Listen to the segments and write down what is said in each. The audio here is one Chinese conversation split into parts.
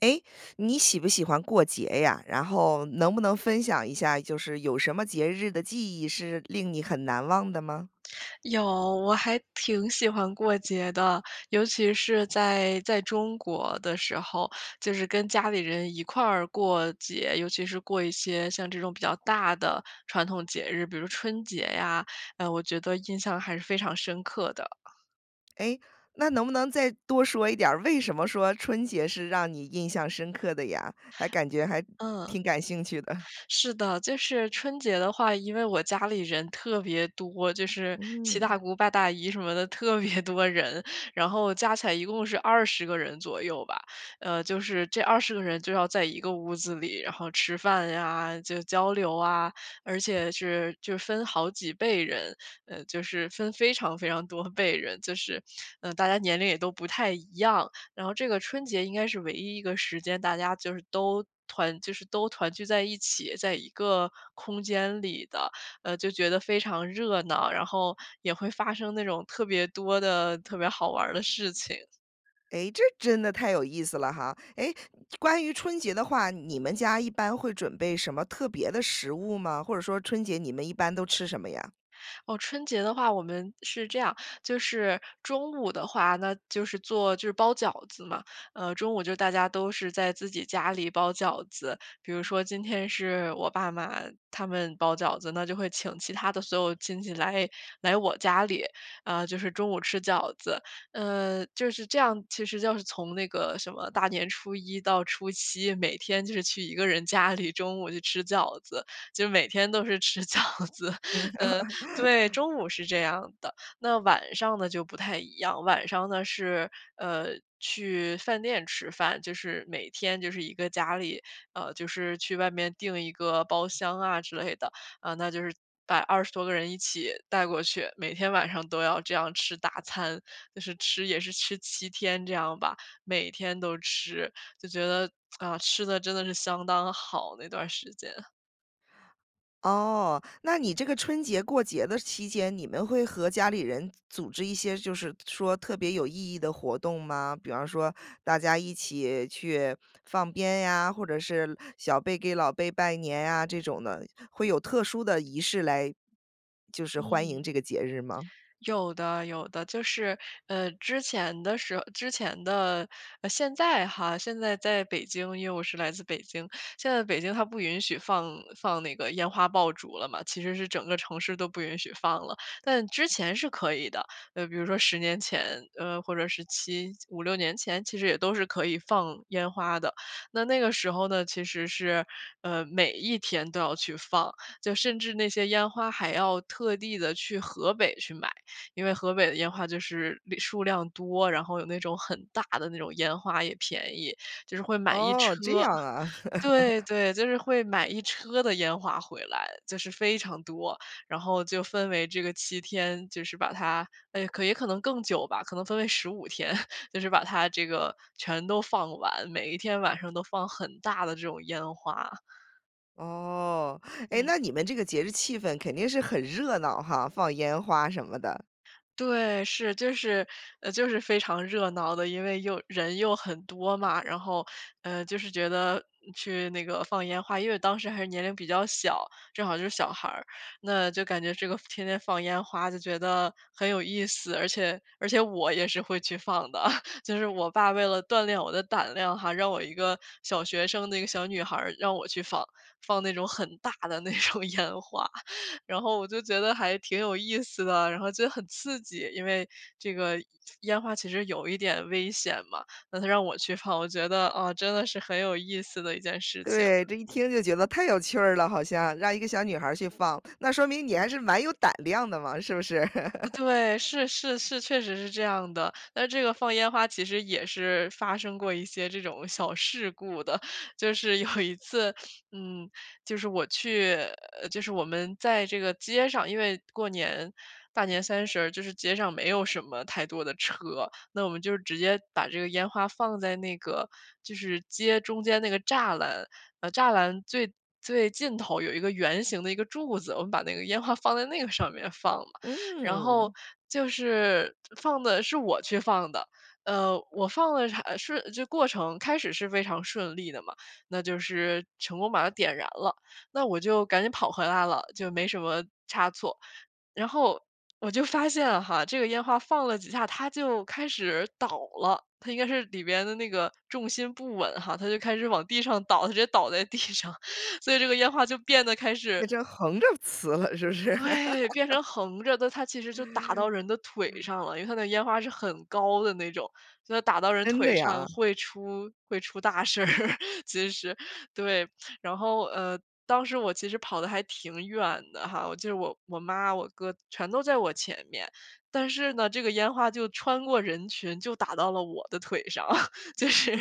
诶，你喜不喜欢过节呀？然后能不能分享一下，就是有什么节日的记忆是令你很难忘的吗？有，我还挺喜欢过节的，尤其是在，在中国的时候，就是跟家里人一块儿过节，尤其是过一些像这种比较大的传统节日，比如春节呀，哎，我觉得印象还是非常深刻的。诶，那能不能再多说一点儿，为什么说春节是让你印象深刻的呀？还感觉还嗯。挺感兴趣的。是的，就是春节的话，因为我家里人特别多，就是七嗯。大姑八大姨什么的特别多人，然后加起来一共是20个人左右吧，呃，就是这20个人就要在一个屋子里，然后吃饭呀，就交流啊。而且是就分好几辈人，呃，就是分非常非常多辈人，就是，呃，大家年龄也都不太一样。然后这个春节应该是唯一一个时间，大家就是都团就是都团聚在一起，在一个空间里的，呃，就觉得非常热闹，然后也会发生那种特别多的特别好玩儿的事情。诶，这真的太有意思了哈。诶，关于春节的话，你们家一般会准备什么特别的食物吗？或者说春节你们一般都吃什么呀？哦，春节的话我们是这样，就是中午的话那就是做就是包饺子嘛，呃，中午就大家都是在自己家里包饺子，比如说今天是我爸妈他们包饺子，那就会请其他的所有亲戚来，来我家里，呃，就是中午吃饺子。呃，就是这样其实就是从那个什么大年初一到初七，每天就是去一个人家里中午去吃饺子，就每天都是吃饺子。嗯。嗯对，中午是这样的，那晚上呢，就不太一样，晚上呢是，呃，去饭店吃饭。就是每天就是一个家里，呃，就是去外面订一个包厢啊之类的，啊，那就是把20多个人一起带过去，每天晚上都要这样吃大餐，就是吃也是吃7天这样吧，每天都吃，就觉得，啊，吃得真的是相当好那段时间。哦，那你这个春节过节的期间，你们会和家里人组织一些就是说特别有意义的活动吗？比方说大家一起去放鞭呀，或者是小辈给老辈拜年啊，这种的。会有特殊的仪式来就是欢嗯。迎这个节日吗？有的有的。就是，呃，之前的时之前的现在哈，现在在北京，因为我是来自北京。现在北京它不允许放放那个烟花爆竹了嘛，其实是整个城市都不允许放了。但之前是可以的，呃，那比如说10年前，呃，或者是75-6年前，其实也都是可以放烟花的。那那个时候呢，其实是，呃，每一天都要去放，就甚至那些烟花还要特地的去河北去买。因为河北的烟花就是量数量多，然后有那种很大的那种烟花也便宜，就是会买一哦，这车。样啊。对 对，就是会买一车的烟花回来，就是非常多。然后就分为这个7天，就是把它，哎，可也可能更久吧，可能分为15天，就是把它这个全都放完，每一天晚上都放很大的这种烟花。哦，哎，嗯。那你们这个节日气氛肯定是很热闹哈？放烟花什么的。对，是，就是，呃，就是非常热闹的，因为又人又很多嘛，然后，呃，就是觉得去那个放烟花。因为我当时还是年龄比较小，正好就是小孩，那就感觉这个天天放烟花就觉得很有意思，而且而且我也是会去放的。就是我爸为了锻炼我的胆量哈，让我一个小学生，那个小女孩，让我去放，放那种很大的那种烟花。然后我就觉得还挺有意思的，然后觉得很刺激，因为这个烟花其实有一点危险嘛，那他让我去放，我觉得，呃，真的是很有意思的一件事情。对，这一听就觉得太有趣儿了好像，让一个小女孩儿去放，那说明你还是蛮有胆量的嘛，是不是？对，是是是，确实是这样的，那这个放烟花其实也是发生过一些这种小事故的。就是有一次，嗯，就是我去呃，就是我们在这个街上，因为过年，大年三十儿，就是街上没有什么太多的车。那我们就直接把这个烟花放在那个，就是街中间那个栅栏，呃，栅栏最最尽头有一个圆形的一个柱子，我们把那个烟花放在那个上面放了。然后嗯。就是，放的是我去放的，呃，我放了还是这过程开始是非常顺利的嘛，那就是成功把它点燃了。那我就赶紧跑回来了，就没什么差错，然后我就发现哈，这个烟花放了几下，它就开始倒了，它应该是里边的那个重心不稳哈，它就开始往地上倒，它直接倒在地上，所以这个烟花就变得开那始就横着呲了，是不是？对，变 成横着的，它其实就打到人的腿上了，因为它那个烟花是很高的那种。就打到人真腿的上呀？会出会出大事儿，其实。对，然后，呃，当时我其实跑的还挺远的哈，我记得我我妈、我哥全都在我前面。但是呢，这个烟花就穿过人群就打到了我的腿上，就是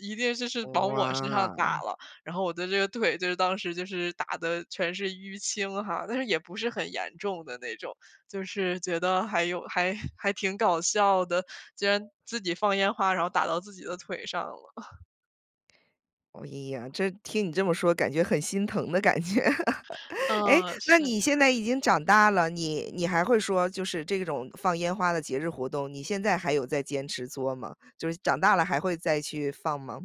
一定这是往我身上打哇。了，然后我的这个腿，就是当时就是打得全是淤青哈，但是也不是很严重的那种。就是觉得还有还还挺搞笑的，竟然自己放烟花，然后打到自己的腿上了。哎呀，这听你这么说感觉很心疼的感觉。诶，呃，那是。你现在已经长大了，你你还会说就是这种放烟花的节日活动，你现在还有再坚持做吗？就是长大了还会再去放吗？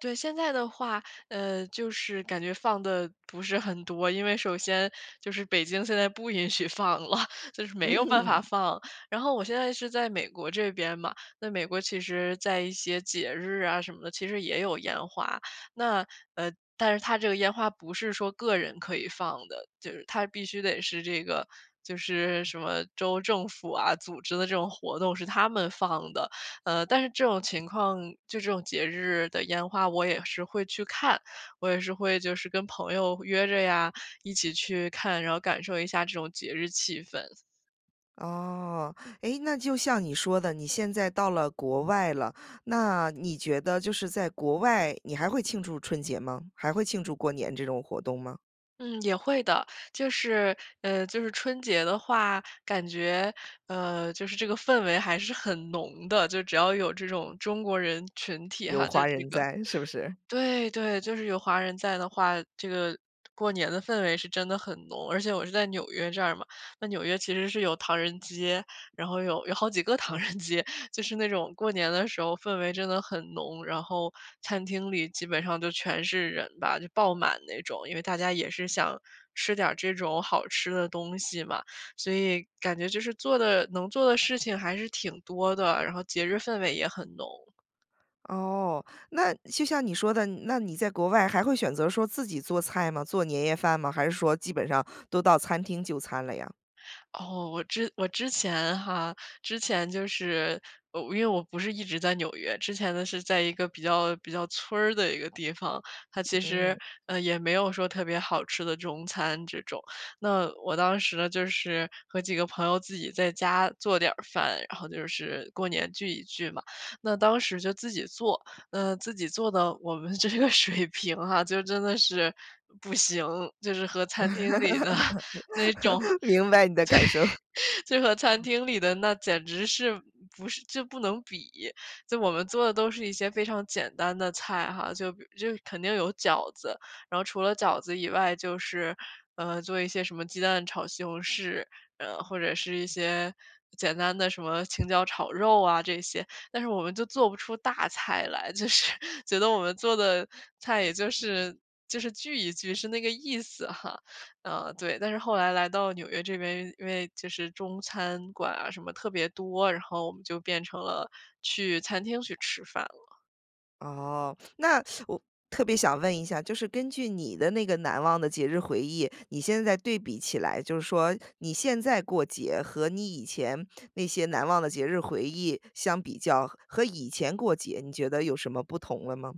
对，现在的话，呃，就是感觉放得不是很多。因为首先就是北京现在不允许放了，就是没有办法嗯。放。然后我现在是在美国这边嘛，那美国其实在一些节日啊什么的，其实也有烟花，那，呃，但是它这个烟花不是说个人可以放的，就是它必须得是这个，就是什么州政府啊，组织的这种活动是他们放的。呃，但是这种情况，就这种节日的烟花，我也是会去看，我也是会就是跟朋友约着呀，一起去看，然后感受一下这种节日气氛。哦。诶，那就像你说的，你现在到了国外了，那你觉得就是在国外你还会庆祝春节吗？还会庆祝过年这种活动吗？嗯，也会的。就是呃，就是春节的话，感觉，呃，就是这个氛围还是很浓的，就只要有这种中国人群体有哈，就华是这人个在，是不是？对，对，就是有华人在的话，这个过年的氛围是真的很浓。而且我是在纽约这儿嘛，那纽约其实是有唐人街，然后有有好几个唐人街。就是那种过年的时候氛围真的很浓，然后餐厅里基本上都全是人吧，就爆满那种，因为大家也是想吃点儿这种好吃的东西嘛。所以感觉就是做的能做的事情还是挺多的，然后节日氛围也很浓。哦，那就像你说的，那你在国外还会选择说自己做菜吗？做年夜饭吗？还是说基本上都到餐厅就餐了呀？哦，我之我之前哈，之前就是我因为我不是一直在纽约，之前的是在一个比较比较村儿的一个地方。它其实，嗯。呃，也没有说特别好吃的中餐这种。那我当时呢，就是和几个朋友自己在家做点儿饭，然后就是过年聚一聚嘛。那当时就自己做，嗯，自己做呢，我们这个水平啊，就真的是不行，就是和餐厅里的那种 明白你的感受。对，就和餐厅里的那简直是，不是就不能比。就我们做的都是一些非常简单的菜哈，就比就肯定有饺子。然后除了饺子以外，就是，呃，做一些什么鸡蛋炒西红柿，呃，或者是一些简单的什么青椒炒肉啊这些。但是我们就做不出大菜来，就是觉得我们做的菜也就是就是聚一聚，是那个意思哈。啊，对，但是后来来到纽约这边，因为因为就是中餐馆啊什么特别多，然后我们就变成了去餐厅去吃饭了。哦，那 我特别想问一下，就是根据你的那个难忘的节日回忆，你现在对比起来，就是说你现在过节和你以前那些难忘的节日回忆相比较，和以前过节，你觉得有什么不同了吗？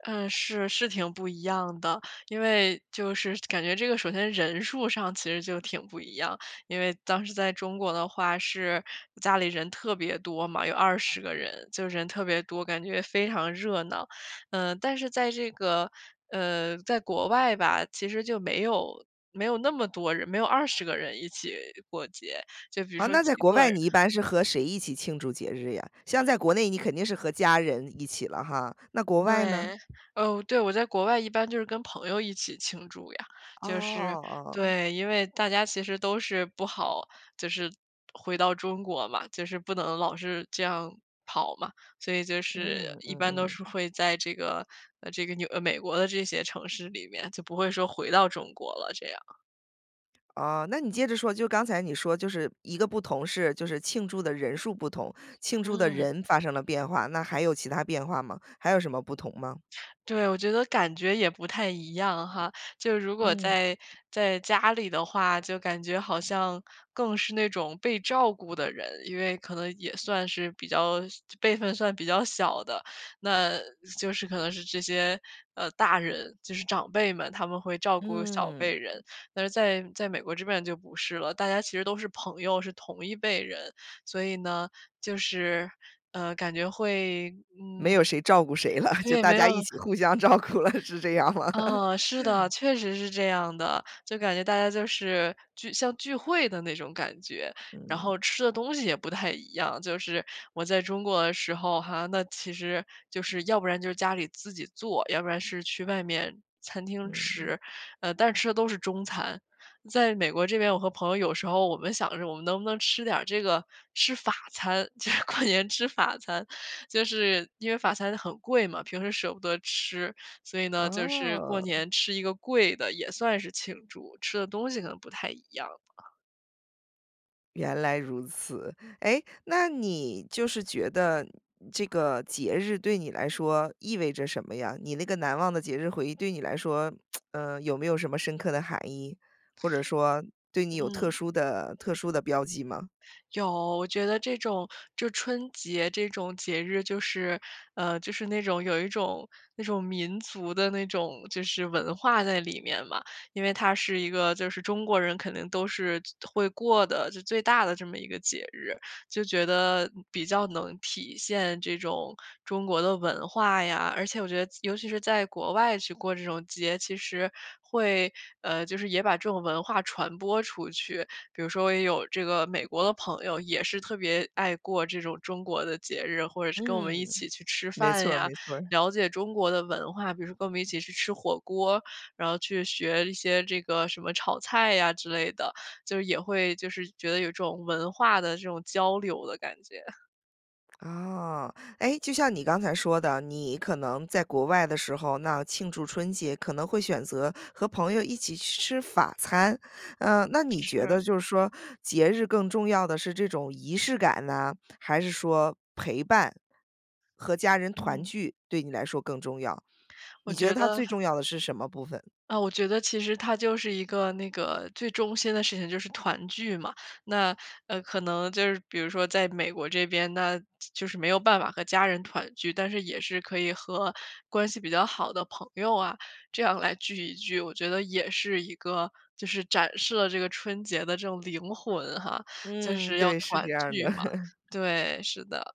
嗯，是，是挺不一样的。因为就是感觉这个首先人数上其实就挺不一样。因为当时在中国的话是家里人特别多嘛，有20个人，就人特别多，感觉非常热闹。嗯，但是在这个，呃，在国外吧，其实就没有，没有那么多人，没有20个人一起过节，就比如啊，说那几在国个外人。你一般是和谁一起庆祝节日呀？像在国内你肯定是和家人一起了哈，那国外呢？对。哦，对，我在国外一般就是跟朋友一起庆祝呀，就是哦。对，因为大家其实都是不好就是回到中国嘛，就是不能老是这样跑嘛。所以就嗯，是一般嗯都嗯。是会在这个，呃，这个纽呃，美国的这些城市里面，就不会说回到中国了这样。哦，那你接着说，就刚才你说就是一个不同是，就是庆祝的人数不同，庆祝的嗯。人发生了变化，那还有其他变化吗？还有什么不同吗？对，我觉得感觉也不太一样哈。就如果嗯。在，在家里的话，就感觉好像更是那种被照顾的人，因为可能也算是比较小辈分算比较小的，那，是就是可能是这些，呃，大人，就是长辈们，他们会照顾小嗯。辈人。但是在，在美国这边就不是了，大家其实都是朋友，是同一辈人。所以呢，就是，呃，感觉会，没嗯有谁照顾谁了，就对，大没有家一起互相照顾了，是这样吗？嗯，是的，确实是这样的。就感觉大家就是聚像聚会的那种感觉，然后嗯。吃的东西也不太一样。就是我在中国的时候哈，那其实就是要不然就是家里自己做，要不然是去外面餐厅嗯。吃，呃，但吃的都是中餐。在美国这边，我和朋友有时候我们想着我们能不能吃点儿这个，吃法餐，就是过年吃法餐。就是因为法餐很贵嘛，平时舍不得吃，所以呢，就是过哦。年吃一个贵的也算是庆祝，吃的东西可能不太一样。原来如此。诶，那你就是觉得这个节日对你来说意味着什么呀？你那个难忘的节日回忆对你来说，呃，有没有什么深刻的含义，或者说对你有特嗯。殊的特殊的标记吗？有，我觉得这种，就春节这种节日就是，呃，就是那种，有一种那种民族的那种，就是文化在里面嘛。因为它是一个，就是中国人可能都是就会过的，就最大的这么一个节日。就觉得比较能体现这种中国的文化呀，而且我觉得尤其是在国外去过这种节其实会，呃就是也把这种文化传播出去，比如说也有这个美国的朋友也是特别爱过这种中国的节日。或者是跟我们一嗯，起去吃没饭错儿呀，没错儿。了解中国的文化，比如说跟我们一起去吃火锅，然后去学一些这个什么炒菜呀之类的，就是也会就是觉得有这种文化的这种交流的感觉。啊，诶，就像你刚才说的，你可能在国外的时候，那庆祝春节可能会选择和朋友一起去吃法餐。呃，那你觉得是。就是说节日更重要的是这种仪式感呢，还是说陪伴，和家人团嗯。聚，对你来说更重要？我你觉得觉它得最重要的是什么部分？呃，我觉得其实它就是一个，那个最中心的事情，就是团聚嘛。那，呃，可能就是比如说在美国这边，那就是没有办法和家人团聚。但是也是可以和关系比较好的朋友啊，这样来聚一聚，我觉得也是一个，就是展示了这个春节的这种灵魂哈，就嗯，是要对，是这团样儿的。聚嘛，对，是的。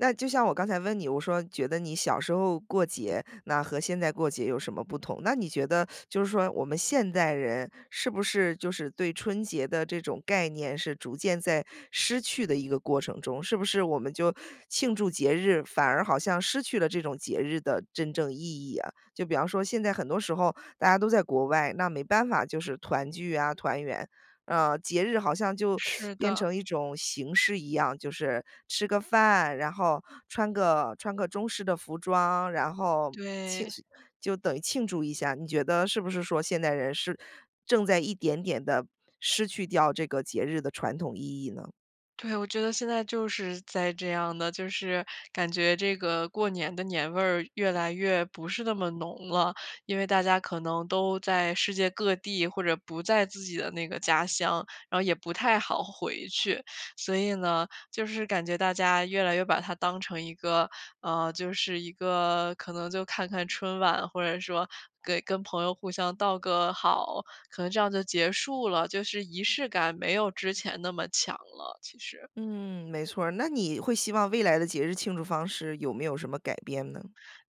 那就像我刚才问你，我说觉得你小时候过节，那和现在过节有什么不同，那你觉得 就是说我们现代人是不是，就是对春节的这种概念是逐渐在失去的一个过程中？是不是我们就庆祝节日，反而好像失去了这种节日的真正意义呀？就比方说现在很多时候大家都在国外，那没办法就是团聚啊、团圆。呃，节日好像就 是变的。成一种形式一样，就是吃个饭，然后穿个，穿个中式的服装，然后庆对。诉就等于庆祝一下，你觉得是不是说现代人是正在一点点地失去掉这个节日的传统意义呢？对，我觉得现在就是在这样的，就是感觉这个过年的年味儿越来越不是那么浓了。因为大家可能都在世界各地或者不在自己的那个家乡，然后也不太好回去，所以呢，就是感觉大家越来越把它当成一个，呃，就是一个可能就看看春晚，或者说给跟朋友互相道个好，可能这样就结束了。就是仪式感没有之前那么强了其实。嗯，没错儿。那你会希望未来的节日庆祝方式有没有什么改变呢？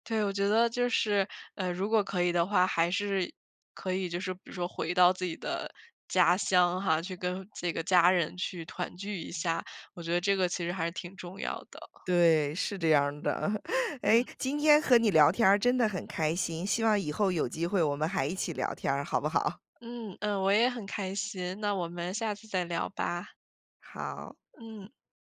对，我觉得就是，呃，如果可以的话，还是可以就是比如说回到自己的家乡哈，去跟这个家人去团聚一下，我觉得这个其实还是挺重要的。对，是这样儿的。诶，嗯。今天和你聊天儿真的很开心，希望以后有机会我们还一起聊天儿，好不好？嗯，嗯，我也很开心，那我们下次再聊吧。好。嗯。